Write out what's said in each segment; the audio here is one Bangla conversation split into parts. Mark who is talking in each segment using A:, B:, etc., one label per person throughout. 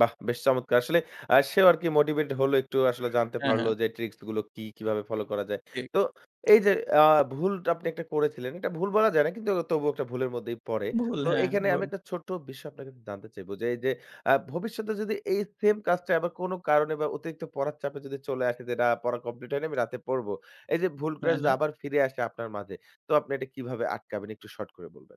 A: বাহ! বেশ চমৎকার। আসলে আ সেও আরকি মোটিভেট হলো একটু আসলে জানতে
B: হ্যাঁ,
A: পারলো
B: হ্যাঁ।
A: যে, ট্রিকস গুলো কি, কিভাবে ফলো করা যায়।
B: ঠিক।
A: তো এই যে, আ ভুল তো আপনি একটা করেছিলেন, এটা ভুল বলা যায় না। কিন্তু তবুও একটা ভুলের মধ্যেই পড়ে।
B: ভুল
A: তো
B: হ্যাঁ,
A: এখানে আমি
B: ভুল।
A: একটা ছোট্ট বিষয় আপনার কাছে একটু জানতে চাইব যে, এই যে, আ ভবিষ্যতে যদি এই সেম কাজটা আবার কোনো কারণে বা অতিরিক্ত পড়ার চাপে যদি চলে আসে যে, না পড়া কমপ্লিট হয়নি আমি রাতে পড়ব। এই যে, ভুলটা
B: হ্যাঁ,
A: যদি
B: হ্যাঁ।
A: আবার ফিরে আসে আপনার মাঝে তো আপনি এটা কিভাবে আটকাবেন একটু শর্ট করে বলবেন?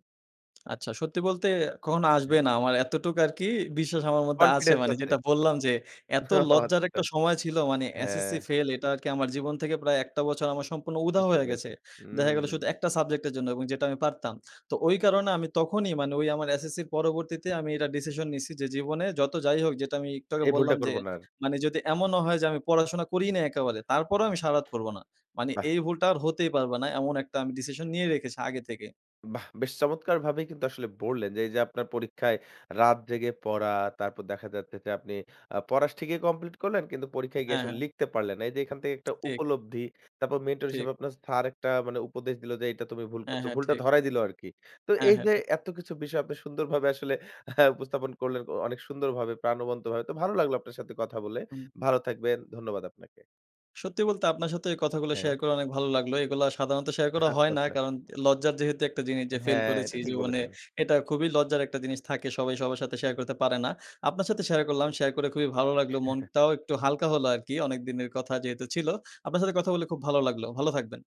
B: আচ্ছা, সত্যি বলতে কখনো আসবে
A: হ্যাঁ।
B: না, আমার এতটুক আরকি বিশ্বাস আমার মধ্যে আছে
A: কনফিডেন্স
B: মানে
A: আছে।
B: যেটা বললাম যে, এত
A: ও
B: লজ্জার
A: আচ্ছা।
B: একটা সময় ছিল মানে SSC
A: হ্যাঁ।
B: ফেইল এটা আরকি আমার জীবন থেকে প্রায় ১ টা বছর আমার সম্পূর্ণ উধাও
A: বুঝতে
B: হয়ে গেছে।
A: পেরেছি।
B: দেখা গেলো
A: হুম।
B: শুধু ১ টা সাবজেক্ট এর জন্য এবং যেটা আমি পারতাম। তো ওই কারণে আমি তখনই মানে ওই আমার SSC এর পরবর্তীতে আমি এটা ডিসিশন নিছি যে, জীবনে যত যাই হোক যেটা আমি একটু আগে
A: এই ভুলটা
B: বললাম যে,
A: করব না আর।
B: মানে যদি এমনও হয় যে, আমি পড়াশোনা করিই না একেবারে তারপরেও আমি সারা রাত পড়ব না। মানে
A: বাহ!
B: এই ভুলটা আর হতেই পারবে না। এমন একটা আমি ডিসিশন নিয়ে রেখেছি আগে থেকেই।
A: বাহ! বেশ চমৎকার ভাবেই কিন্তু আসলে বললেন যে, এই যে, আপনার পরীক্ষায় রাত জেগে পড়া, তারপর দেখা যাচ্ছে যে, আপনি আ পড়া স ঠিকই কমপ্লিট করলেন কিন্তু পরীক্ষায় গিয়ে
B: হ্যাঁ,
A: আসলে
B: হ্যাঁ।
A: লিখতে পারলেন না। এই যে, এখান থেকে একটা
B: ঠিক।
A: উপলব্ধি। তারপর মেন্টর
B: ঠিক।
A: হিসেবে আপনার স্যার একটা মানে উপদেশ দিলো যে, "এইটা তুমি ভুল
B: হ্যাঁ,
A: করছ।"
B: হ্যাঁ
A: ভুলটা
B: ঠিক।
A: ধরাই দিলো আরকি। তো
B: হ্যাঁ,
A: এই
B: হ্যাঁ
A: যে,
B: ঠিক।
A: এতকিছু বিষয় আপনি সুন্দরভাবে আসলে উপস্থাপন করলেন অনেক সুন্দরভাবে প্রাণবন্ত ভাবে। তো ভালো লাগলো আপনার সাথে কথা বলে।
B: হুম।
A: ভালো থাকবেন। ধন্যবাদ আপনাকে।
B: সত্যি বলতে আপনার সাথে এই কথাগুলা
A: হ্যাঁ।
B: শেয়ার করা অনেক ভালো লাগলো। এগুলা সাধারণত শেয়ার করা
A: আচ্ছা,
B: হয় না।
A: আচ্ছা।
B: কারণ লজ্জার যেহেতু একটা জিনিস যে, ফাইল
A: হ্যাঁ,
B: করেছি
A: এটা ঠিক
B: জীবনে
A: বলেছেন।
B: এটা খুবই লজ্জার একটা জিনিস থাকে। সবাই সবার সাথে শেয়ার করতে পারে না। আপনার সাথে শেয়ার করলাম, শেয়ার করে খুবই ভালো লাগলো। মনটাও একটু হালকা হল আরকি। অনেক দিনের কথা যেহেতু ছিল। আপনার সাথে কথা বলে খুব ভালো লাগলো। ভালো থাকবেন।